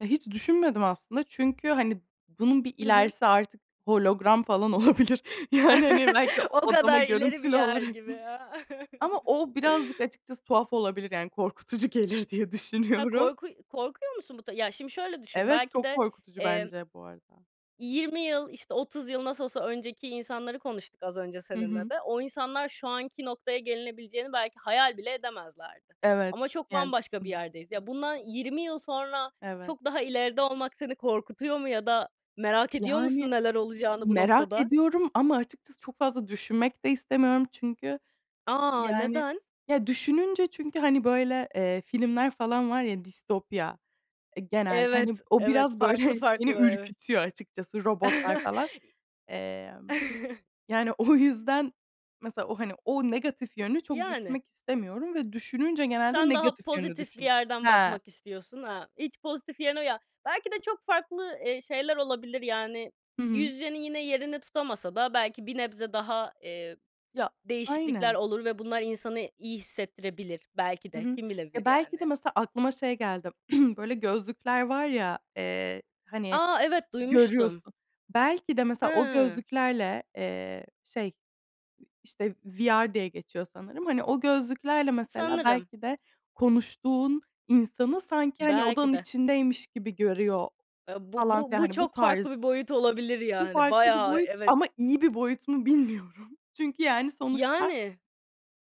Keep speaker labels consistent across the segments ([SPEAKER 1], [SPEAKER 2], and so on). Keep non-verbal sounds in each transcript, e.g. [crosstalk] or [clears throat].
[SPEAKER 1] E, hiç düşünmedim aslında çünkü, hani, bunun bir
[SPEAKER 2] Hı hı.
[SPEAKER 1] ilerisi artık hologram falan olabilir yani, hani, belki
[SPEAKER 2] [chuckles]
[SPEAKER 1] o
[SPEAKER 2] O
[SPEAKER 1] odama
[SPEAKER 2] kadar ileri bir
[SPEAKER 1] görüntülü
[SPEAKER 2] yer
[SPEAKER 1] olarak.
[SPEAKER 2] gibi ya.
[SPEAKER 1] Ama o birazcık açıkçası tuhaf olabilir. Yani korkutucu gelir diye
[SPEAKER 2] Ha,
[SPEAKER 1] düşünüyorum.
[SPEAKER 2] korku korkuyor musun bu da? Ya şimdi şöyle düşün,
[SPEAKER 1] Evet,
[SPEAKER 2] belki
[SPEAKER 1] çok
[SPEAKER 2] de
[SPEAKER 1] korkutucu
[SPEAKER 2] emm
[SPEAKER 1] bence bu arada.
[SPEAKER 2] 20 yıl, işte 30 yıl nasıl olsa önceki insanları konuştuk az önce
[SPEAKER 1] Hı
[SPEAKER 2] seninle
[SPEAKER 1] hı.
[SPEAKER 2] de. O insanlar şu anki noktaya gelinebileceğini belki hayal bile edemezlerdi.
[SPEAKER 1] Evet,
[SPEAKER 2] Ama çok
[SPEAKER 1] yani
[SPEAKER 2] bambaşka bir
[SPEAKER 1] düşündüm.
[SPEAKER 2] yerdeyiz. Ya bundan 20 yıl sonra
[SPEAKER 1] Evet.
[SPEAKER 2] çok daha ileride olmak seni korkutuyor mu ya da merak ediyor
[SPEAKER 1] Yani,
[SPEAKER 2] musun neler olacağını bu
[SPEAKER 1] merak
[SPEAKER 2] noktada?
[SPEAKER 1] ediyorum ama açıkçası çok fazla düşünmek de istemiyorum. Çünkü,
[SPEAKER 2] A,
[SPEAKER 1] yani,
[SPEAKER 2] neden?
[SPEAKER 1] ya, düşününce çünkü, hani, böyle, eee, filmler falan var ya distopya, eee, genelde, hani,
[SPEAKER 2] Evet,
[SPEAKER 1] o
[SPEAKER 2] evet.
[SPEAKER 1] biraz böyle
[SPEAKER 2] Farklı
[SPEAKER 1] beni
[SPEAKER 2] farklı evet.
[SPEAKER 1] ürkütüyor açıkçası robotlar falan. Emm,
[SPEAKER 2] [chuckles]
[SPEAKER 1] yani o yüzden mesela o, hani, o negatif yönünü çok
[SPEAKER 2] Yani.
[SPEAKER 1] düşünmek istemiyorum ve düşününce genelde
[SPEAKER 2] Sen daha
[SPEAKER 1] negatif yönünü
[SPEAKER 2] pozitif bir
[SPEAKER 1] düşünüyorum.
[SPEAKER 2] yerden
[SPEAKER 1] Ha!
[SPEAKER 2] bakmak istiyorsun. Ha, hiç pozitif yerine Ya belki de çok farklı, eee, şeyler olabilir, yani
[SPEAKER 1] Hı hı.
[SPEAKER 2] [unintelligible] yine yerini tutamasa da belki bir nebze daha, eee,
[SPEAKER 1] Ya
[SPEAKER 2] değişiklikler
[SPEAKER 1] Aynen.
[SPEAKER 2] olur ve bunlar insanı iyi hissettirebilir belki
[SPEAKER 1] Hı
[SPEAKER 2] de.
[SPEAKER 1] hı.
[SPEAKER 2] Kim bilebilir
[SPEAKER 1] Ya, belki de
[SPEAKER 2] yani?
[SPEAKER 1] mesela aklıma şey geldi [clears throat] böyle gözlükler var ya, eee, hani,
[SPEAKER 2] A, evet, duymuştum.
[SPEAKER 1] görüyorsun. Belki de mesela o
[SPEAKER 2] Hıı.
[SPEAKER 1] gözlüklerle, eee, şey, işte VR diye geçiyor sanırım. Hani, o gözlüklerle mesela
[SPEAKER 2] Sanırım.
[SPEAKER 1] belki de konuştuğun insanı sanki, hani,
[SPEAKER 2] Belki
[SPEAKER 1] odanın
[SPEAKER 2] de.
[SPEAKER 1] içindeymiş gibi görüyor
[SPEAKER 2] Eee, bu
[SPEAKER 1] falan
[SPEAKER 2] bu
[SPEAKER 1] filan.
[SPEAKER 2] bu
[SPEAKER 1] Hani bu
[SPEAKER 2] çok
[SPEAKER 1] tarz
[SPEAKER 2] farklı bir boyut olabilir
[SPEAKER 1] Bu
[SPEAKER 2] yani.
[SPEAKER 1] farklı bir
[SPEAKER 2] Bayağı,
[SPEAKER 1] boyut
[SPEAKER 2] evet.
[SPEAKER 1] ama iyi bir boyut mu bilmiyorum. Çünkü yani sonuçta,
[SPEAKER 2] Yani.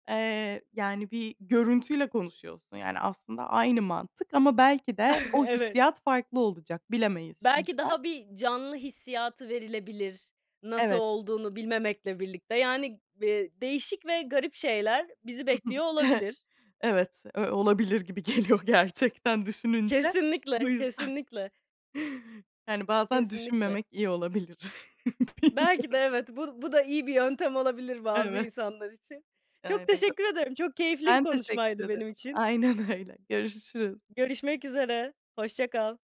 [SPEAKER 1] eee, yani, bir görüntüyle konuşuyorsun. Yani aslında aynı mantık ama belki de
[SPEAKER 2] [giggles]
[SPEAKER 1] o
[SPEAKER 2] Evet.
[SPEAKER 1] hissiyat farklı olacak, bilemeyiz
[SPEAKER 2] Belki
[SPEAKER 1] şimdiden.
[SPEAKER 2] daha bir canlı hissiyatı verilebilir, nasıl
[SPEAKER 1] Evet.
[SPEAKER 2] olduğunu bilmemekle birlikte. Yani, ııı, değişik ve garip şeyler bizi bekliyor
[SPEAKER 1] [chuckles]
[SPEAKER 2] olabilir.
[SPEAKER 1] Evet, ö olabilir gibi geliyor gerçekten düşününce. Bu
[SPEAKER 2] Kesinlikle,
[SPEAKER 1] yüzden
[SPEAKER 2] kesinlikle.
[SPEAKER 1] yani bazen
[SPEAKER 2] Kesinlikle.
[SPEAKER 1] düşünmemek iyi olabilir. [chuckles] Bilmiyorum.
[SPEAKER 2] Belki de, evet, bu bu da iyi bir yöntem olabilir bazı
[SPEAKER 1] Evet.
[SPEAKER 2] insanlar için.
[SPEAKER 1] Eee,
[SPEAKER 2] Çok
[SPEAKER 1] ya
[SPEAKER 2] teşekkür ederim, çok keyifli bir
[SPEAKER 1] ben teşekkür
[SPEAKER 2] konuşmaydı
[SPEAKER 1] ederim.
[SPEAKER 2] benim için.
[SPEAKER 1] Aynen öyle, görüşürüz.
[SPEAKER 2] Görüşmek üzere, hoşça kal.